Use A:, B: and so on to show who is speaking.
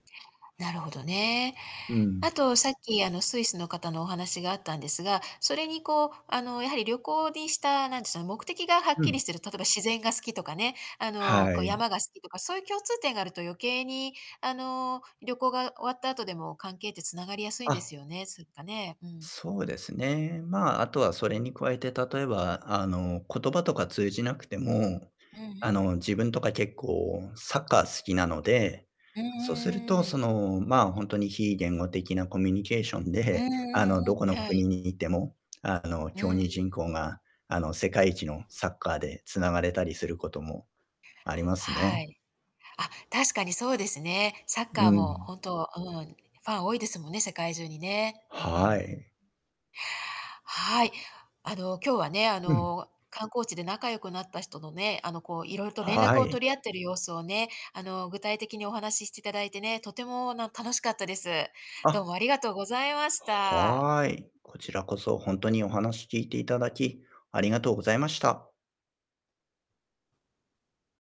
A: なるほどね。
B: う
A: あ
B: ん。
A: とさっき、あの、スイスの方のお話があったんですが、それにこう、あの、やはり旅行にした、なんです、あ、目的がはっ
B: う
A: きり
B: ん。
A: してる例えば自然が好きとかね、あの、
B: は
A: こう、
B: い。
A: 山が好きとか、そういう共通点があると余計にあの、旅行が終わった後でも関係って繋がりやすいん
B: あ
A: で
B: っ。
A: すよね。すっかね。うん。
B: そうですね。まあ、あとはそれに加えて、例えば、あの、言葉とか通じなくても、
A: うんう
B: あ
A: ん。
B: の、自分とか結構サッカー好きなので、
A: うんう
B: そ
A: んう
B: うすると、
A: んうんう
B: そ
A: ん。
B: の、まあ、ほんとに非言語的なコミュニケーション
A: うん
B: で、
A: う
B: あの、ど
A: んうん、
B: この
A: はい。
B: 国に行っても、あの、
A: う
B: 競
A: んう
B: 技人
A: ん。
B: 口が、あの、世界一のサッカーで繋がれたりすることもあります
A: は
B: ね。
A: い。あ、確かにそうですね。サッカ
B: う
A: ーも
B: ん。
A: 本当、うん、ファン多いですもんね、世界中にね。う
B: は
A: ん。
B: い。
A: はい。あの、今日はね、あ
B: うん。
A: の、観光地で仲良くなった人のね、あの、こう、色々と連絡
B: は
A: を
B: い。
A: 取り合っている様子をね、あの、具体的にお話ししていただいてね、とてもな、楽しかったです。
B: あ
A: どう
B: っ。
A: もありがとうございました。
B: はい。こちらこそ、ほんとにお話聞いていただき、ありがとうございました。